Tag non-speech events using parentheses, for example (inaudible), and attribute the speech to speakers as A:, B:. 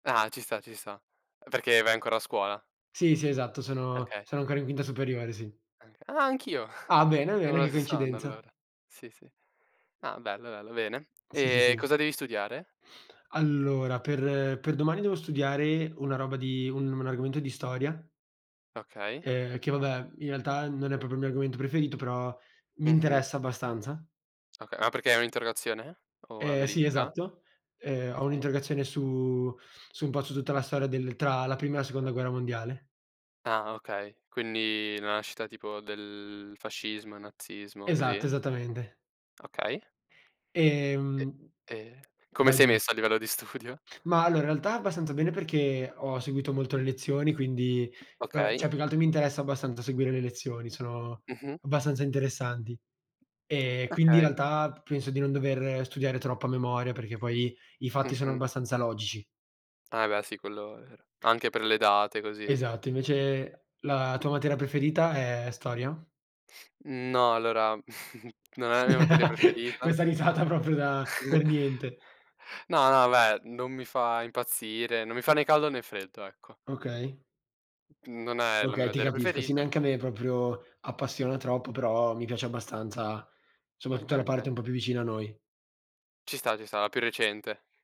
A: Ah ci sta, ci sta. Perché vai ancora a scuola?
B: Sì, sì esatto sono
A: Okay.
B: sono ancora in quinta superiore, sì.
A: Anc ah, anch'io, (chuckles)
B: Ah bene,
A: siamo
B: bene
A: allo
B: che
A: stesso anno
B: coincidenza.
A: allora. Sì, sì. Ah, bello, bello, bene.
B: Sì, sì,
A: E
B: sì.
A: cosa devi studiare?
B: Allora, per per domani devo studiare una roba di un un argomento di storia
A: Okay.
B: ehm, che vabbè, in realtà non è proprio il mio argomento preferito, però mi
A: Mh-mh.
B: interessa abbastanza.
A: Okay, ma perché hai un'interrogazione? O una
B: Ehm, sì,
A: verifica?
B: esatto. Ehm, ho
A: Okay.
B: un'interrogazione su su un po' su tutta la storia del tra la Prima e la Seconda Guerra Mondiale.
A: Ah okay, quindi la nascita tipo del fascismo, il nazismo così?
B: Esatto, esattamente.
A: Okay. E,
B: Ehm
A: ehm, come
B: Vai,
A: sei
B: dimmi.
A: messo a livello di studio?
B: Ma allora, in realtà abbastanza bene perché ho seguito molto le lezioni quindi beh, cioè
A: Okay.
B: più che altro mi interessa abbastanza seguire le lezioni, sono
A: Mh-mh.
B: abbastanza interessanti. Ehm, quindi in
A: Okay.
B: realtà p penso di non dover studiare troppo a memoria, perché poi i fatti sono
A: Mh-mh.
B: abbastanza logici.
A: Ah beh, sì quello è vero. Anche per le date, così.
B: Esatto, invece la tua materia preferita è storia?
A: No, allora (chuckles) non è la mia materia
B: (chuckles)
A: preferita.
B: Questa risata proprio da
A: (chuckles)
B: "per niente".
A: No, no beh, non mi fa impazzire, non mi fa né caldo né freddo, ecco.
B: Okay.
A: Non è la mia
B: Okay, ti
A: materia
B: capisco. Sì,
A: preferita.
B: neanche a me proprio appassiona troppo, però mi piace abbastanza, soprattutto
A: Okay,
B: la parte
A: okay.
B: un po' più vicina a noi.
A: Ci sta, ci sta, la più recente.